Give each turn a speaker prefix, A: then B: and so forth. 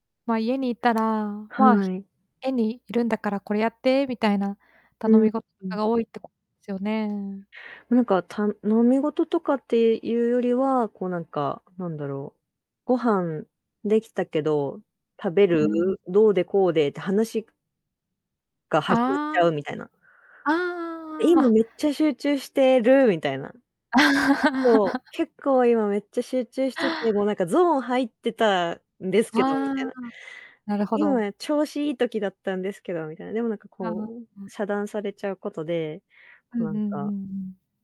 A: ま、家にいたら、
B: は
A: ま、
B: い。
A: 家にいるんだからこれやってみたいな
B: う
A: 頼
B: ん、
A: み事と
B: うん。
A: かが多いってこ [unintelligible] すよね。
B: なんか、頼み事とかっていうよりは、こうなんか、なんだろう、ご飯できたけど、食べ
A: う
B: る？
A: ん。
B: どうでこうでって話が始まっち
A: ああ。
B: ゃうみたいな。
A: ああああ
B: 今
A: ああ。
B: めっちゃ集中してるみたいな。結構、結構今めっちゃ集中してて、もうなんかゾーン入ってたんです
A: あ
B: けどみたい
A: あ、
B: な。
A: なるほど。
B: 今調子いい時だったんですけどみたいな、でもなんか
A: ああ。
B: こう
A: うん。
B: 遮断されちゃうことで、
A: うん
B: こう
A: うん
B: な
A: う
B: んか
A: んうん。